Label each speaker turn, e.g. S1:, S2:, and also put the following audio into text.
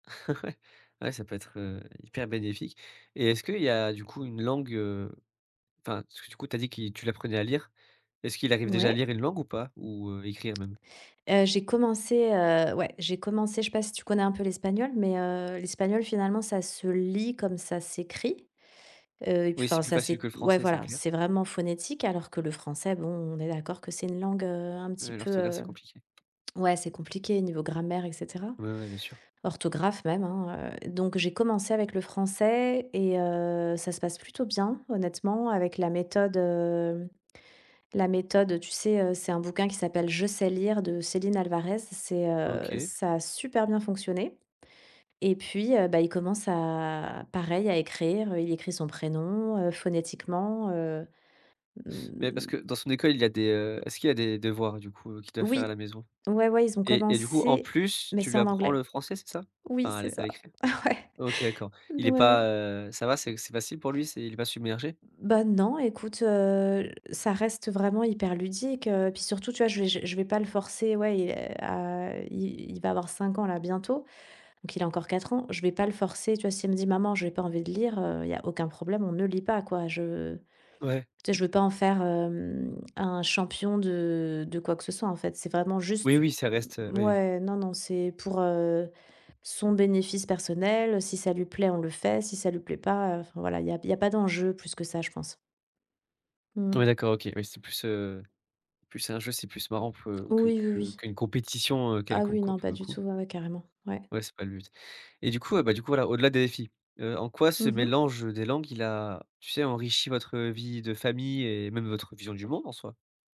S1: Ouais, ça peut être, heu, hyper bénéfique, et est-ce qu'il y a, du coup, une langue, heu, enfin, parce que, du coup, tu as dit qui tu l'apprenais à lire, est-ce qu'il arrive déjà à
S2: Ouais.
S1: lire une langue ou pas, ou, heu, écrire même?
S2: Heu, j'ai commencé, heu, ouais, j'ai commencé, je sais pas si tu connais un peu l'espagnol, mais, heu, l'espagnol, finalement, ça se lit comme ça s'écrit. Heu, et puis
S1: Oui,
S2: enfin,
S1: c'est plus
S2: ça
S1: facile
S2: c'est
S1: que le
S2: ouais,
S1: français, c'est
S2: voilà,
S1: clair.
S2: c'est vraiment phonétique, alors que le français, bon on est d'accord que c'est une langue, heu, un petit
S1: Heu,
S2: peu,
S1: l'orthographe, c'est
S2: heu,
S1: compliqué.
S2: ouais, c'est compliqué niveau grammaire, et cetera.
S1: Ouais, ouais, bien sûr.
S2: Orthographe, même, hein, heu, donc, j'ai commencé avec le français et heu, ça se passe plutôt bien. Honnêtement, avec la méthode, heu, la méthode, tu sais, heu, c'est un bouquin qui s'appelle «Je sais lire» de Céline Alvarez, c'est, heu,
S1: OK.
S2: ça a super bien fonctionné, et puis, heu, bah, il commence à pareil à écrire, heu, il écrit son prénom, heu, phonétiquement, heu,
S1: Mais parce
S2: mmh.
S1: que, dans son école, il a des, heu, est-ce qu'il a des devoirs, du coup, heu, qu'il doit faire à la
S2: Oui,
S1: maison?
S2: ouais, ouais, ils ont
S1: Et et du coup, en
S2: commencé,
S1: plus,
S2: mais
S1: tu
S2: c'est
S1: lui
S2: en
S1: apprends le
S2: anglais.
S1: français, c'est ça,
S2: Oui,
S1: enfin, à
S2: c'est
S1: l à
S2: ça.
S1: l'écrire?
S2: Ouais,
S1: OK, d'accord.
S2: d
S1: Il est pas,
S2: ouais.
S1: heu, ça va, c'est c'est facile pour lui, c'est il est pas submergé?
S2: Bah, non, écoute, heu, ça reste vraiment hyper ludique, heu, puis, surtout, tu vois, je je je vais pas le forcer, ouais, il, heu, à, heu, il il va avoir 5 ans là, bientôt, donc, il a encore 4 ans. Je vais pas le forcer, tu vois? S'il me dit: «Maman, j'ai pas envie de lire», heu, il y a aucun problème, on ne lit pas, quoi. Je
S1: Ouais.
S2: tu sais je veux pas en faire, hem, un champion de de quoi que ce soit, en fait. C'est vraiment
S1: Oui,
S2: juste
S1: oui ça reste, heu, oui, oui.
S2: mouais, non, non, c'est pour, heu, son bénéfice personnel. Si ça lui plaît, on le fait. Si ça lui plaît pas, enfin, voilà, il y a il y a pas d'enjeu plus que ça, je pense.
S1: Ouais,
S2: Mmh.
S1: d'accord OK, oui c'est plus, heu, c'est plus un jeu, c'est plus marrant, peu que
S2: Oui, oui,
S1: que
S2: oui.
S1: qu'une compétition, heu,
S2: Ah
S1: quelconque,
S2: oui,
S1: quoi,
S2: non,
S1: pour
S2: pas
S1: le
S2: du
S1: coup.
S2: tout, ouais, ouais, carrément. Ouais.
S1: Ouais, c'est pas le but, et du coup, ah bah du coup, voilà, au-delà des défis, heu, en quoi ce
S2: Mmh mh.
S1: mélange, heu, des langues, il a tu sais, enrichi votre vie de famille et même votre vision du monde, en soi?